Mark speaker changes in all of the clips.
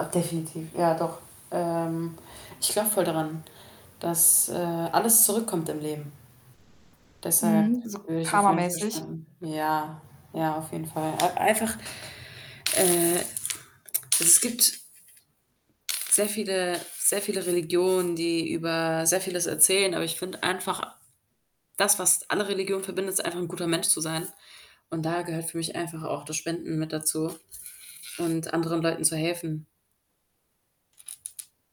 Speaker 1: Ach, definitiv, ja, doch. Ähm, ich glaube voll daran, dass, äh, alles zurückkommt im Leben. Deshalb
Speaker 2: Mhm, so
Speaker 1: würde ich auf jeden Fall
Speaker 2: karma-mäßig?
Speaker 1: spenden. Ja, ja, auf jeden Fall. Ei einfach äh, es gibt sehr viele sehr viele Religionen, die über sehr Vieles erzählen, aber ich finde einfach das, was alle Religionen verbindet, ist einfach 'n guter Mensch zu sein. Und da gehört für mich einfach auch das Spenden mit dazu und anderen Leuten zu helfen.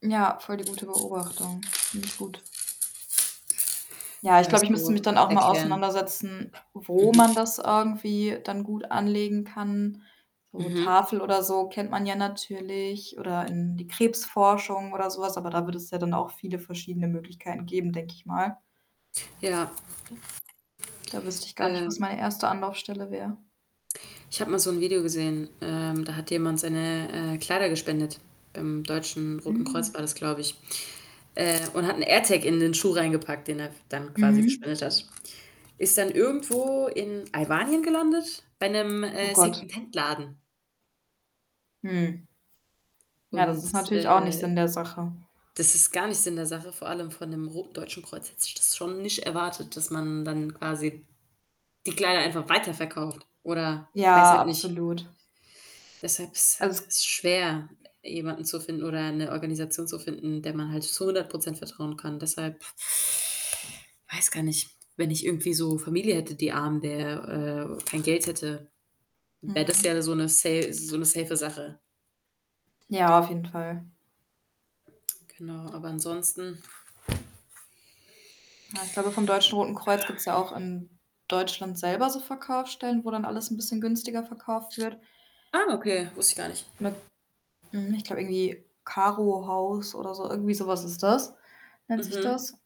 Speaker 2: Ja, voll die gute Beobachtung. Finde ich gut. Ja, ich
Speaker 1: Ja,
Speaker 2: glaube, ich müsste mich
Speaker 1: so
Speaker 2: dann auch mal
Speaker 1: erklären.
Speaker 2: auseinandersetzen,
Speaker 1: Mhm.
Speaker 2: wo man das irgendwie dann gut anlegen kann. So
Speaker 1: Mhm.
Speaker 2: Tafel oder so kennt man ja natürlich oder in die Krebsforschung oder so was, aber da wird es ja dann auch viele verschiedene Möglichkeiten geben, denke ich mal.
Speaker 1: Ja.
Speaker 2: D da wüsste ich gar nicht, was
Speaker 1: Ähm.
Speaker 2: meine 1. Anlaufstelle wäre.
Speaker 1: Ich habe mal so 'n Video gesehen, ähm, da hat jemand seine, äh, Kleider gespendet, beim Deutschen Roten Kreuz
Speaker 2: Hm.
Speaker 1: war das, glaube ich, äh, und hat 'n Airtag in den Schuh reingepackt, den er f dann quasi
Speaker 2: Mhm.
Speaker 1: gespendet hat. Ist dann irgendwo in Albanien gelandet bei 'nem,
Speaker 2: Oh
Speaker 1: äh,
Speaker 2: Gott.
Speaker 1: Secondhandladen.
Speaker 2: Hm. Ja, das
Speaker 1: Und,
Speaker 2: ist natürlich auch nicht Sinn
Speaker 1: äh,
Speaker 2: der Sache.
Speaker 1: das ist gar nicht Sinn der in der Sache, vor allem von 'nem ro Deutschen Kreuz hätte ich das schon nicht erwartet, dass man dann quasi die Kleider einfach weiterverkauft oder weiß
Speaker 2: Ja,
Speaker 1: halt nicht
Speaker 2: absolut.
Speaker 1: Deshalb is
Speaker 2: Also, es
Speaker 1: ist schwer, jemanden zu finden oder 'ne Organisation zu finden, der man halt zu 100 % vertrauen kann. Deshalb weiß gar nicht, wenn ich irgendwie so Familie hätte, die arm wäre, äh, kein Geld hätte, wäre das
Speaker 2: Mhm.
Speaker 1: ja so 'ne se so 'ne save Sache.
Speaker 2: Ja, auf jeden Fall.
Speaker 1: Genau, aber ansonsten
Speaker 2: Ja, ich glaube, vom Deutschen Roten Kreuz gibt's ja auch in Deutschland selber so Verkaufsstellen, wo dann alles 'n bisschen günstiger verkauft wird.
Speaker 1: Ah, okay, wusste ich gar nicht.
Speaker 2: Mi mhm, ich glaube irgendwie Caro Haus oder so. Irgendwie so was ist das nennt sich
Speaker 1: Mhm.
Speaker 2: das.